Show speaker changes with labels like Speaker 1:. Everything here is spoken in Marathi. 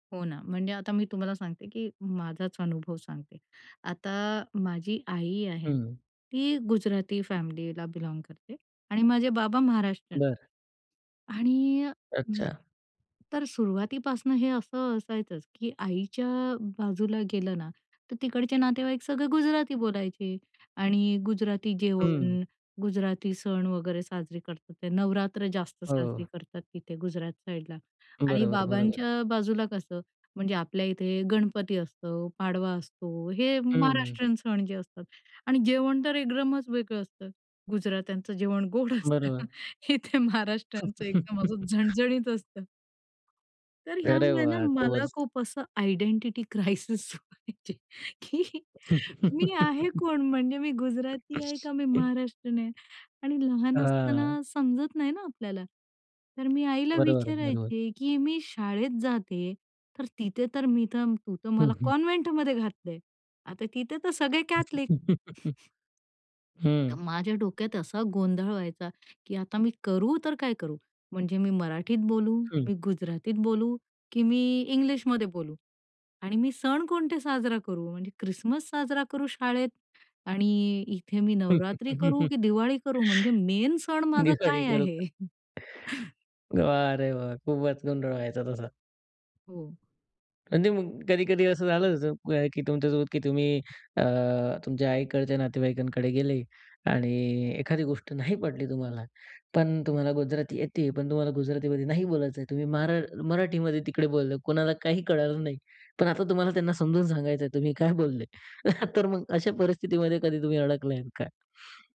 Speaker 1: हो ना म्हणजे आता मी तुम्हाला सांगते की माझाचं अनुभव सांगते. आता माझी आई आहे,
Speaker 2: हं.
Speaker 1: ती गुजराती फॅमिलीला बिलाँग करते आणि माझे बाबा महाराष्टीयन.
Speaker 2: बरं.
Speaker 1: आणि
Speaker 2: अच्छा.
Speaker 1: तर सुरुवातीपासनं हे असं असायचंच की आईच्या बाजूला गेलं ना तर तिकडचे नातेवाईक सगळे गुजराती बोलायचे आणि गुजराती
Speaker 2: हं.
Speaker 1: जेवण, गुजराती सण वगैरे साजरी करतात ते नवरात्र जास्त
Speaker 2: हो.
Speaker 1: साजरी करतात तिथे गुजरात साइडला आणि
Speaker 2: बरोबर, बरोबर.
Speaker 1: बाबांच्या बाजूला कसं म्हणजे आपल्या इथे गणपती असतो, पाडवा असतो. हे
Speaker 2: हं.
Speaker 1: महाराष्ट्रीयन सण जे असतात आणि जेवण तर एकदमच वेगळं असतं गुजरात्यांचं जेवण गोड असतं
Speaker 2: बरोबर.
Speaker 1: हे इथे महाराष्टचं एकदम असं झणझणीत असतं. तर
Speaker 2: अरे
Speaker 1: ह्यामुळे ना
Speaker 2: वाह!
Speaker 1: मला
Speaker 2: खुपचं
Speaker 1: खूप असं आयडेंटिटी क्रायसिस व्हायचे की मी आहे कोण? म्हणजे मी गुजराती आहे का मी महाराष्ट्रीयन आहे? आणि लहान
Speaker 2: हां.
Speaker 1: असताना समजत नाही ना आपल्याला. तर मी आईला
Speaker 2: बरोबर, बरोबर.
Speaker 1: विचारायची की मी शाळेत जाते तर तिथे तर मी तर तू तर
Speaker 2: हं,
Speaker 1: मला
Speaker 2: हं.
Speaker 1: कॉन्व्हेंटमध्ये घातलंय आता तिथे तर सगळे कॅथलिक. तर
Speaker 2: हं.
Speaker 1: माझ्या डोक्यात असा गोंधळ व्हायचा, की आता मी करू तर काय करू. म्हणजे मी मराठीत बोलू,
Speaker 2: हं.
Speaker 1: मी गुजरातीत बोलू, की मी इंग्लिशमध्ये बोलू. आणि मी सण कोणते साजरा करू म्हणजे क्रिसमस साजरा करू शाळेत आणि इथे मी नवरात्री
Speaker 2: हं,
Speaker 1: करू
Speaker 2: हं.
Speaker 1: की दिवाळी करू? म्हणजे मेन सण माझा
Speaker 2: दिवाळी
Speaker 1: काय
Speaker 2: करू का
Speaker 1: आहे?
Speaker 2: वाह रे वाह! खूपचं गोंधळ व्हायचा तसा.
Speaker 1: हो.
Speaker 2: म्हणजे मग कधी-कधी असं झालं की तुमच्यासोबत, की तुम्ही अ, तुमच्या आईकडंच्या नातेवाईकांकडे गेले आणि एखादी गोष्ट नाही पटली तुम्हाला पण तुम्हाला गुजराती येते पण तुम्हाला गुजरातीमध्ये नाही बोलायचं आहे तुम्ही मारा मराठीमध्ये तिकडे बोलले कुणाला काही कळायला नाही पण आता तुम्हाला त्यांना समजून सांगायचं आहे तुम्ही काय बोलले तर मग अशा परिस्थितीमध्ये कधी तुम्ही अडकले आहेत का?